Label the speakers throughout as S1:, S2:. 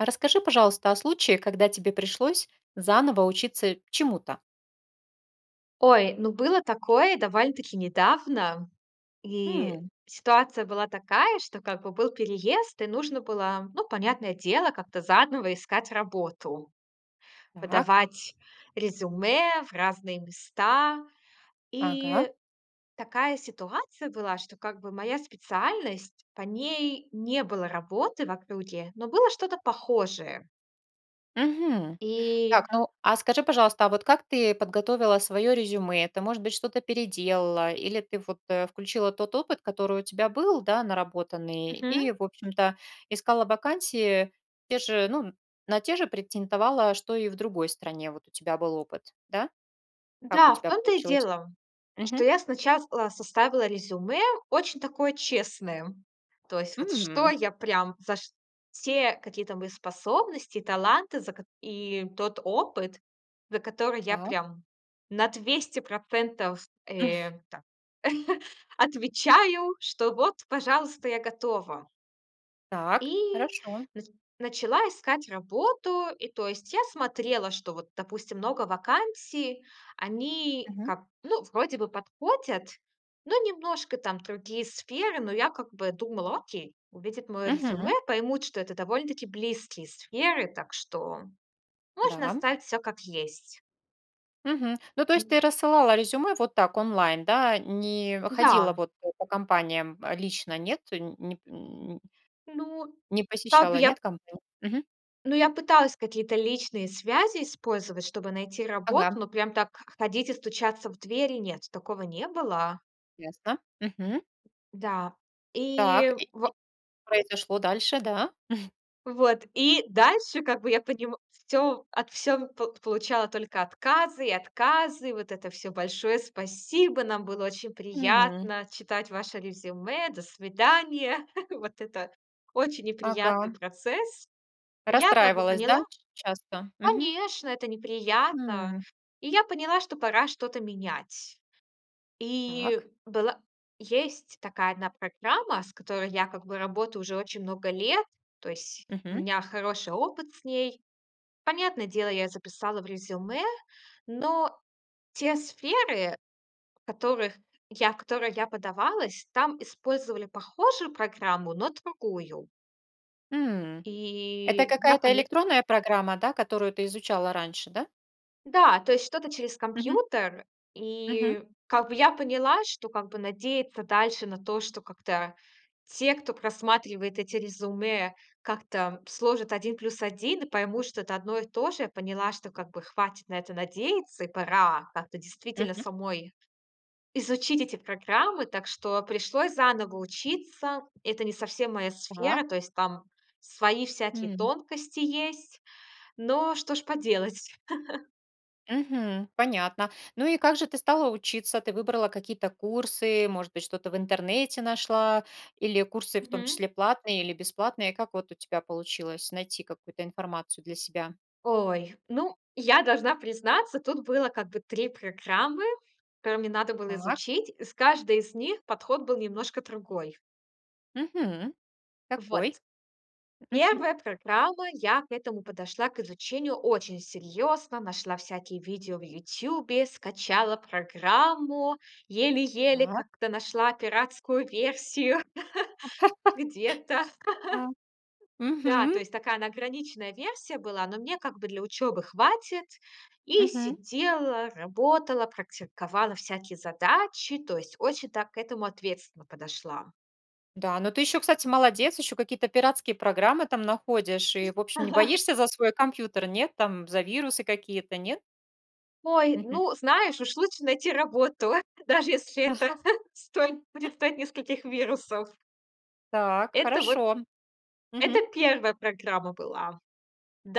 S1: А расскажи, пожалуйста, о случае, когда тебе пришлось заново учиться чему-то.
S2: Ой, ну было такое довольно-таки недавно, и
S1: М.
S2: ситуация была такая, что, как бы, был переезд, и нужно было, ну, понятное дело, как-то заново искать работу.
S1: Так.
S2: Подавать резюме в разные места.
S1: Ага.
S2: И такая ситуация была, что, как бы, моя специальность- по ней не было работы в округе, но было что-то похожее.
S1: Мгм. Так,
S2: И
S1: ну, а скажи, пожалуйста, а вот как ты подготовила своё резюме? Ты, может быть, что-то переделала? Или ты, вот, э, включила тот опыт, который у тебя был, да, наработанный, и,
S2: Мгм.
S1: в общем-то, искала вакансии те же, ну, на те же претендовала, что и в другой стране, вот, у тебя был опыт, да? Как у
S2: Да, в
S1: тебя
S2: том-то и
S1: получилось?
S2: дело, что
S1: Мгм.
S2: я сначала составила резюме очень такое честное. То есть вот что
S1: М.
S2: я прям за ш все какие-то мои способности, таланты за кот и тот опыт, за который я
S1: Так.
S2: прям на 200 %, э, так отвечаю, что вот, пожалуйста, я готова.
S1: Так.
S2: И
S1: Хорошо.
S2: нач начала искать работу. И, то есть, я смотрела, что вот, допустим, много вакансий, они
S1: Мгм.
S2: как, ну, вроде бы подходят, но немножко там другие сферы, но я как бы думала: "Окей, увидят моё резюме,
S1: Мгм.
S2: поймут, что это довольно-таки близкие сферы, так что можно
S1: Да.
S2: оставить всё как есть".
S1: Мгм. Ну, то есть ты
S2: М.
S1: рассылала резюме вот так онлайн, да? Не
S2: Да.
S1: ходила, вот, по компаниям, э, лично, нет, э, нь неп н
S2: Ну,
S1: не
S2: как бы
S1: посещала,
S2: я
S1: нет компан Мгм.
S2: ну, я пыталась какие-то личные связи использовать, чтобы найти работу,
S1: Ага.
S2: но прям так х ходить и стучаться в двери- нет, такого не было.
S1: Ясно, мгм.
S2: Да,
S1: Так,
S2: и
S1: и и
S2: во
S1: произошло дальше, да?
S2: Вот. И дальше, как бы, я понима всё от всё в пол получала только отказы и отказы. Вот это всё: "Большое спасибо. Нам было очень
S1: М.
S2: приятно читать ваше резюме, до свидания". Вот это очень неприятный
S1: Ага.
S2: процесс. Я, как бы,
S1: Расстраивалась, да,
S2: поняла
S1: ч часто? Мгм.
S2: Конечно, это неприятно.
S1: М.
S2: И я поняла, что пора что-то менять. И
S1: Так.
S2: была есть такая одна программа, с которой я, как бы, работаю уже очень много лет. То есть у
S1: Мгм.
S2: меня хороший опыт с ней. Понятное дело, я записала в резюме, но те сферы, в которых я в которые я подавалась, там использовали похожую программу, но другую.
S1: М, это
S2: И я
S1: какая-то
S2: поня
S1: электронная программа, да, которую ты изучала раньше, да?
S2: Да, то есть что-то через
S1: Мгм.
S2: компьютер.
S1: Мгм.
S2: И, как бы, я поняла, что, как бы, надеяться дальше на то, что как-то те, кто просматривает эти резюме, как-то сложат 1 плюс 1 и поймут, что это одно и то же, поняла, что, как бы, хватит на это надеяться и пора как-то действительно
S1: Мгм.
S2: самой изучить эти программы. Так что пришлось заново учиться. Это не совсем моя
S1: Так.
S2: сфера, то есть там свои всякие
S1: М.
S2: тонкости есть. Но что ж поделать?
S1: Мгм. Понятно. Ну, и как же ты стала учиться? Ты выбрала какие-то курсы, может быть, что-то в интернете нашла? Или курсы, в том
S2: Мгм.
S1: числе платные или бесплатные? Как вот у тебя получилось найти какую-то информацию для себя?
S2: Ой, ну, я должна признаться, тут было как бы 3 программы, которые мне надо было
S1: Так.
S2: изучить. И с каждой из них подход был немножко другой.
S1: Мгм. Какой?
S2: Вот,
S1: Мгм.
S2: 1 программа. Я к этому подошла к изучению очень серьёзно. Нашла всякие видео в "Ютубе", скачала программу, еле-еле
S1: Так.
S2: как-то нашла пиратскую версию где-то.
S1: А.
S2: Да, то
S1: Мгм.
S2: есть такая она, ограниченная версия была, но мне, как бы, для учёбы хватит. И
S1: Мгм.
S2: сидела, работала, практиковала всякие задачи, то есть очень так к этому ответственно подошла.
S1: Да, но ты ещё, кстати, молодец, ещё какие-то пиратские программы там находишь и, в общем, не боишься за свой компьютер, нет, там за вирусы какие-то, нет?
S2: Ой,
S1: Мгм.
S2: ну, знаешь, уж лучше найти работу, даже если это стоит предстоит нескольких вирусов.
S1: Так,
S2: Это вот
S1: хорошо.
S2: это
S1: Мгм.
S2: 1 программа была.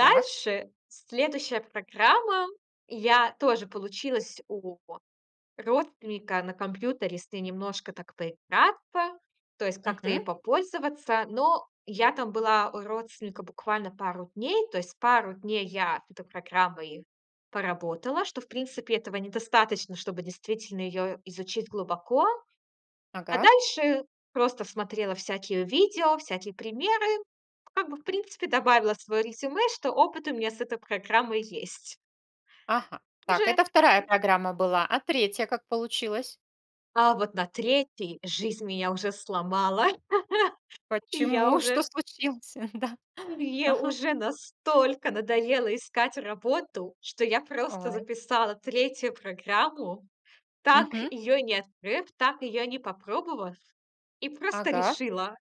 S1: Так.
S2: следующая программа. Я тоже получилась у родственника на компьютере, если немножко так поиграться, то есть как-то ей
S1: Мгм.
S2: попользоваться. Но я там была у родственника буквально пару дней, то есть пару дней я эту программой поработала, что, в принципе, этого недостаточно, чтобы действительно её изучить глубоко. А
S1: Ага.
S2: дальше просто смотрела всякие видео, всякие примеры, как бы, в принципе, добавила своё резюме, что опыт у меня с этой программой есть.
S1: Ага.
S2: Уже
S1: Так, это 2
S2: м.
S1: программа была. А 3 как получилась?
S2: А вот на 3 жизнь меня уже сломала, и я
S1: Почему, что
S2: уже
S1: случилось? Да.
S2: мне
S1: Ага.
S2: уже настолько надоело искать работу, что я просто
S1: Ой.
S2: записала 3 программу, так
S1: Мгм.
S2: её и не открыв, так её не и попробовав, и просто
S1: Ага.
S2: решила: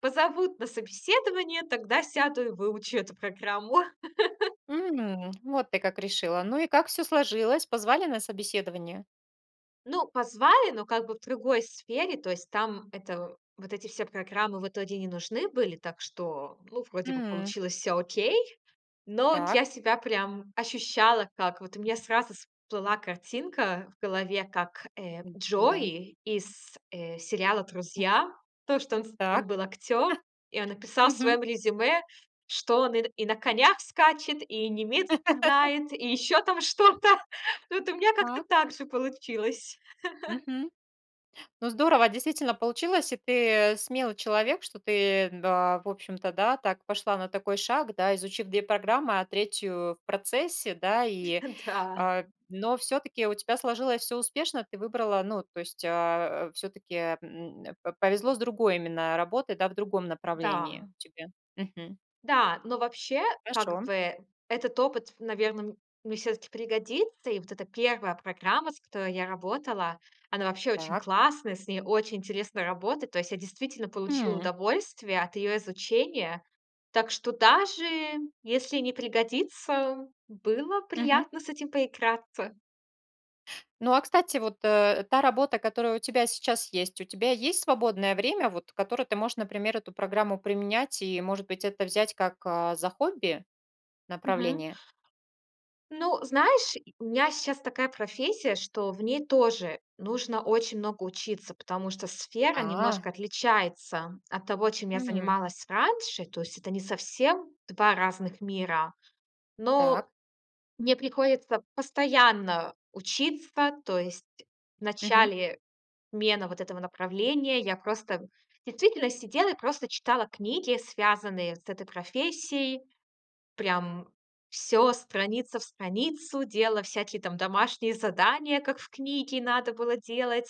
S2: "Позовут на собеседование, тогда сяду и выучу эту программу".
S1: М, вот ты как решила. Ну, и как всё сложилось? Позвали на собеседование?
S2: Ну, позвали, но как бы в другой сфере. То есть там это, вот эти все программы в итоге не нужны были, так что, ну, вроде бы
S1: М.
S2: получилось всё окей. Но от я
S1: Так.
S2: себя прям ощущала, как вот у меня сразу всплыла картинка в голове, как, э,
S1: М. Да.
S2: Джой из, э, сериала
S1: М.
S2: "Друзья". То, что он с он
S1: Так.
S2: был актёр, и он написал в
S1: Мгм.
S2: своём резюме, что он и на и на конях скачет, и немецкий знает, и ещё там что-то. Вот у меня как-то
S1: Так.
S2: так же получилось.
S1: Мгм. Ну, здорово, действительно получилось. И ты смелый человек, что ты, да, в общем-то, да, так пошла на такой шаг, да, изучив 2 программы, а 3 в процессе, да. И,
S2: Да.
S1: а, но всё-таки у тебя сложилось всё успешно. Ты выбрала, ну, то есть а, всё-таки, м, п повезло с другой именно работой, да, в другом
S2: Да.
S1: направлении тебе. Мгм.
S2: Да, но вообще, как
S1: Хорошо.
S2: бы этот опыт, наверно, мне всё-таки пригодится. И вот эта 1 программа, с которой я работала, она вообще очень
S1: Так.
S2: классная, с ней очень интересно работает. То есть я действительно получила
S1: М.
S2: удовольствие от её изучения. Так что даже если не пригодится, было
S1: Мгм.
S2: приятно с этим поиграться.
S1: Ну, а, кстати, вот, э, та работа, которая у тебя сейчас есть, у тебя есть свободное время, вот, которое ты можешь, например, эту программу применять и, может быть, это взять как, а, за хобби,
S2: Мгм.
S1: направление?
S2: Ну, знаешь, и э, у меня сейчас такая профессия, что в ней тоже нужно очень много учиться, потому что сфера
S1: А.
S2: немножко отличается от того, чем я
S1: Мгм.
S2: занималась раньше. То есть это не совсем 2 разных мира.
S1: Так.
S2: Но мне приходится постоянно учиться. То есть в
S1: Мгм.
S2: начале смены вот этого направления я просто действительно сидела и просто читала книги, связанные с этой профессией. Прям всё страница в страницу делала, всякие там домашние задания, как в книге надо было делать.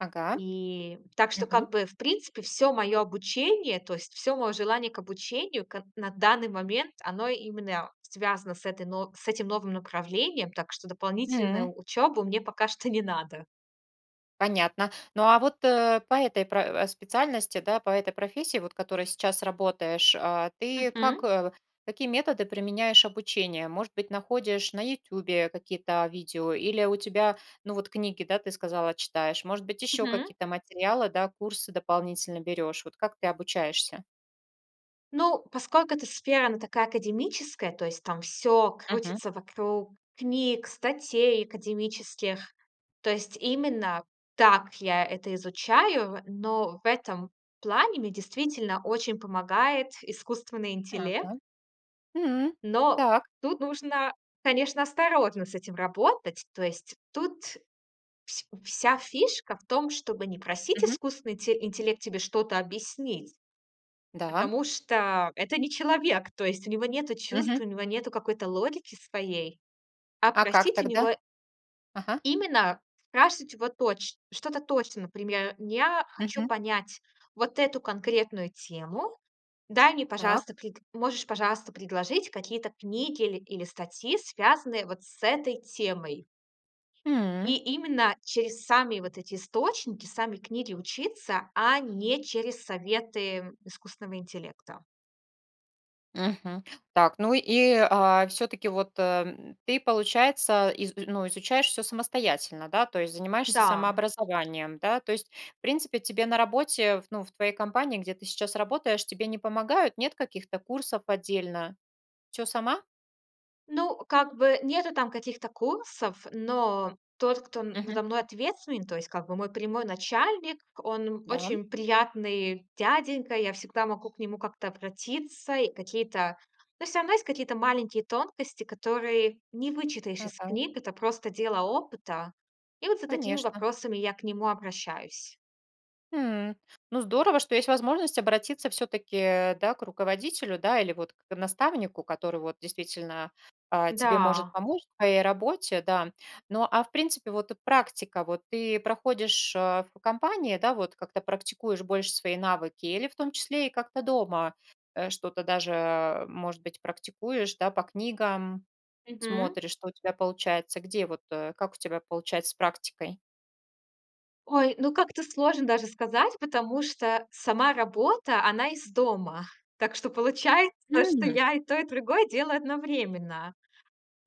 S1: Ага,
S2: И так что,
S1: мгм.
S2: как бы, в принципе, всё моё обучение, то есть всё моё желание к обучению к на данный момент, оно именно, а, связано с этой нов с этим новым направлением. Так что
S1: М.
S2: дополнительную учёбу мне пока что не надо.
S1: Понятно. Ну, а вот, э, по этой про э, специальности, да, по этой профессии, вот которой сейчас работаешь, а, ты как
S2: Мгм.
S1: э, какие методы применяешь обучения? Может быть, находишь на "Ютюбе" какие-то, а, видео или у тебя, ну, вот книги, да, ты сказала, читаешь? Может быть, ещё
S2: Мгм.
S1: какие-то материалы, да, курсы дополнительно берешь? Вот как ты обучаешься?
S2: Ну, поскольку эта сфера, она такая академическая, то есть там всё
S1: Мгм.
S2: крутится вокруг книг, статей академических. То есть именно так я это изучаю, но в этом плане мне действительно очень помогает искусственный интелле
S1: Ага. М.
S2: Но
S1: Так.
S2: тут нужно, конечно, осторожно с этим работать. То есть тут вс вся фишка в том, чтобы не просить
S1: Мгм.
S2: искусственный инте интеллект тебе что-то объяснить,
S1: Да.
S2: потому что это не человек. То есть у него нету чувств,
S1: Мгм.
S2: у него нету какой-то логики своей. А
S1: А как
S2: просить у
S1: тогда?
S2: него
S1: Ага.
S2: именно. Спрашивать его точ что-то точно. Например: "Я хочу
S1: Мгм.
S2: понять вот эту конкретную тему. Дай мне,
S1: Так.
S2: пожалуйста, пред можешь, пожалуйста, предложить какие-то книги ил или статьи, связанные вот с этой темой?"
S1: М.
S2: И именно через сами вот эти источники, сами книги учиться, а не через советы, м, искусственного интеллекта.
S1: Мгм. Так, ну и, а, всё-таки вот ты, э, м, ты, получается, из и ну, изучаешь всё самостоятельно, да? То есть занимаешься
S2: Да.
S1: самообразованием, да? То есть, в принципе, тебе на работе в ну, в твоей компании, где ты сейчас работаешь, тебе не помогают, нет каких-то курсов отдельно? Всё сама?
S2: Ну, как бы нету там каких-то курсов, но тот, кто н
S1: Мгм.
S2: надо мной ответственный, то есть, как бы, мой прямой начальник, он, м,
S1: Да.
S2: очень приятный дяденька. Я всегда могу к нему как-то обратиться и какие-то Но всё равно есть какие-то маленькие тонкости, которые не вычитаешь из
S1: Ага.
S2: книг. Это просто дело опыта. И вот за такими
S1: Конечно.
S2: вопросами я к нему обращаюсь.
S1: М. Ну, здорово, что есть возможность обратиться всё-таки, э, да, к руководителю, да, или вот к к наставнику, который вот действительно, а, тебе может
S2: Да.
S1: помочь в твоей работе, да. Но, а, в принципе, вот, э, практика вот ты проходишь, э, в компании, да, вот как-то практикуешь больше свои навыки или, в том числе, и как-то дома, э, что-то даже, э, может быть, практикуешь, да, по книгам
S2: Мгм.
S1: смотришь, что у тебя получается? Где вот, э, как у тебя получается с практикой?
S2: Ой, ну как-то сложно даже сказать, потому что сама работа, она из дома. Так что получается, что
S1: Мгм.
S2: я и то, и другое делаю одновременно.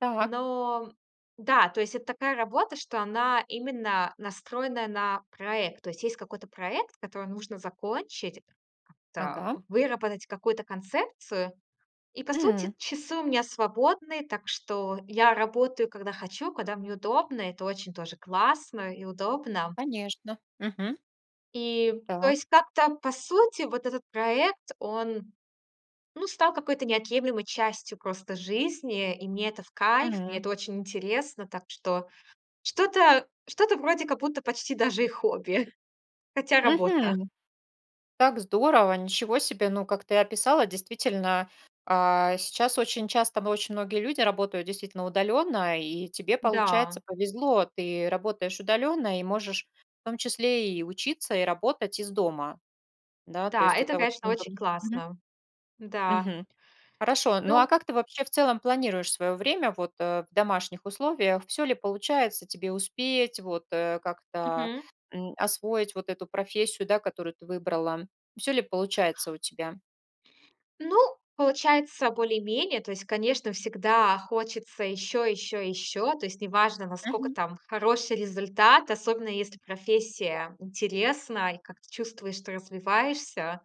S1: Так.
S2: Но да, то есть это такая работа, что она именно настроенная на проект. То есть есть какой-то проект, который нужно закончить, как-то
S1: Ага.
S2: выработать какую-то концепцию. И, по сути,
S1: М.
S2: часы у меня свободные, так что я работаю, когда хочу, когда мне удобно. Это очень тоже классно и удобно.
S1: Конечно. Мгм.
S2: И то
S1: Так.
S2: есть как-то, по сути, вот этот проект, он, ну, стал какой-то неотъемлемой частью просто жизни. И мне это в кайф, мне
S1: Мгм.
S2: это очень интересно, так что, что-то что-то вроде как будто почти даже и хобби. Хотя работа.
S1: Мгм. Так здорово. Ничего себе. Ну, как ты описала, действительно, а, сейчас очень часто во очень многие люди работают действительно удалённо, и тебе, получается,
S2: Да.
S1: повезло. Ты работаешь удалённо и можешь в том числе и учиться, и работать из дома. Да, то
S2: Да,
S1: есть
S2: это,
S1: это очень
S2: конечно, очень
S1: удобно, мгм.
S2: классно. Да.
S1: Мгм. Хорошо, ну, а
S2: Ну
S1: как ты, вообще, в целом планируешь своё время, вот, э, в домашних условиях? Всё ли получается тебе успеть, вот, э, как-то,
S2: Мгм.
S1: м, освоить вот эту профессию, да, которую ты выбрала? Всё ли получается у тебя?
S2: Ну, получается более-менее. То есть, конечно, всегда хочется ещё, ещё, ещё. То есть неважно, наскока
S1: Мгм.
S2: там хороший результат, особенно если профессия интересна, и как-то чувствуешь, что развиваешься,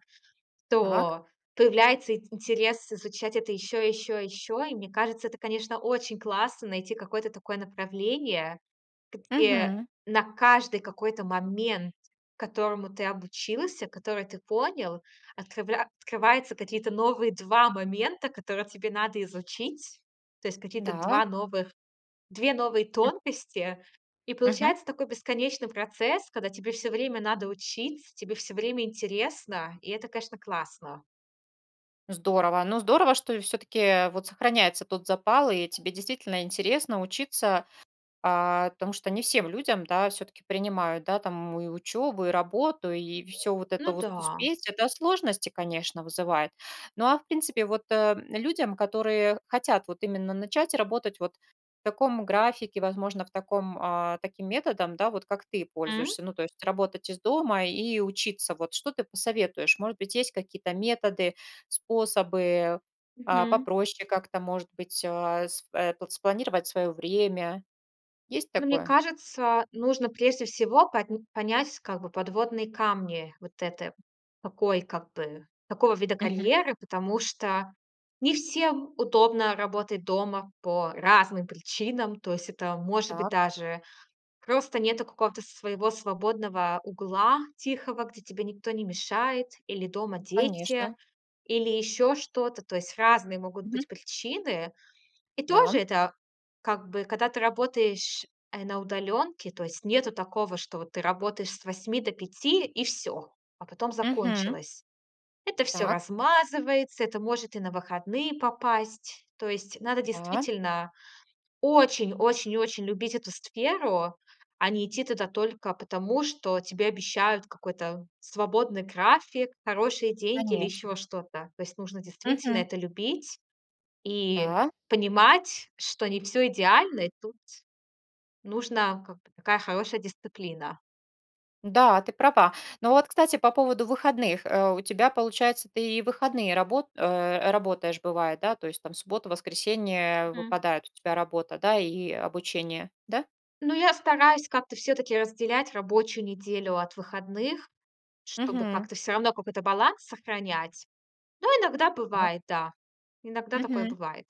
S1: Так.
S2: то появляется ин интерес изучать это ещё, и ещё, и ещё. И мне кажется, это, конечно, очень классно найти какое-то такое направление, где
S1: Мгм.
S2: на каждый какой-то момент, которому ты обучился, который ты понял, открывля открываются какие-то новые 2 момента, которые тебе надо изучить. То есть какие-то
S1: Да.
S2: 2 новых 2 новые тонкости. И
S1: Мгм.
S2: получается такой бесконечный процесс, когда тебе всё время надо учиться, тебе всё время интересно, и это, конечно, классно.
S1: Здорово. Ну, здорово, что всё-таки, э, вот сохраняется тот запал и тебе действительно интересно учиться, а, потому что не всем людям, да, всё-таки принимают, да, там и учёбу, и работу, и всё вот это
S2: Ну
S1: вот
S2: да.
S1: успеть. Это сложности, конечно, вызывает. Но, а в принципе, вот, э, м, людям, которые хотят вот именно начать работать вот в таком графике, возможно в таком, а, таким методом, да, вот как ты
S2: М.
S1: пользуешься. Ну, то есть работать из дома и учиться, вот, что ты посоветуешь? Может быть, есть какие-то методы, способы, а,
S2: Мгм.
S1: попроще как-то, может быть а, с в, э, спланировать своё время? Есть
S2: Ну, мне
S1: такое?
S2: кажется, нужно прежде всего по понять, как бы, подводные камни вот это, такой как бы, такого вида
S1: Мгм.
S2: карьеры, потому что не всем удобно работать дома по разным причинам. То есть это, может быть,
S1: Так.
S2: даже просто нету какого-то своего свободного угла тихого, где тебе никто не мешает, или дома дети,
S1: Конечно.
S2: или ещё что-то. То есть разные могут
S1: Мгм.
S2: быть причины. И тоже
S1: Да.
S2: это как бы, когда ты работаешь, э, на удалёнке, то есть нету такого, что вот ты работаешь с 8 до 5 и всё, а потом
S1: Мгм.
S2: закончилось. Это всё
S1: Так.
S2: размазывается, это может и на выходные попасть. То есть надо
S1: Да.
S2: действительно очень-очень-очень любить эту сферу, а не идти туда только потому, что тебе обещают какой-то свободный график, хорошие деньги или
S1: Конечно.
S2: ещё что-то. То есть нужно действительно
S1: Мгм.
S2: это любить и
S1: Да.
S2: понимать, что не всё идеально, и тут нужна, как бы, такая хорошая дисциплина.
S1: Да, ты права. Но вот, кстати, по поводу выходных. Э, у тебя, получается, ты и в выходные рабо э, работаешь бывает, да? То есть, там, субботу, воскресенье
S2: Мгм.
S1: выпадают, у тебя работа, да? И, э, обучение, да?
S2: Ну, я стараюсь как-то всё-таки разделять рабочую неделю от выходных, чтобы
S1: Мгм.
S2: как-то всё равно какой-то баланс сохранять. Но иногда
S1: Ага.
S2: бывает, да. Иногда такое
S1: Мгм.
S2: бывает.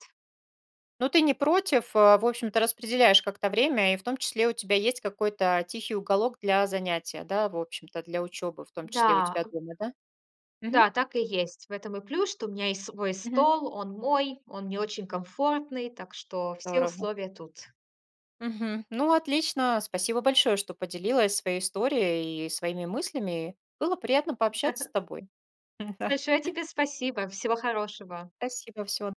S1: Ну, ты не против, а? В общем-то, распределяешь как-то время и, в том числе, у тебя есть какой-то тихий уголок для занятия, да, в общем-то, для учёбы, в том числе, у
S2: Да.
S1: тебя дома, да? Мгм.
S2: Да, так и есть. В этом и плюс, что у меня есть свой
S1: Мгм.
S2: стол, он мой, он мне очень комфортный, так что все
S1: Здорово.
S2: условия тут.
S1: Мгм. Ну, отлично. Спасибо большое, что поделилась своей историей и своими мыслями. Было приятно пообщаться с тобой. М, да.
S2: Большое тебе спасибо! Всего хорошего.
S1: Спасибо. Всего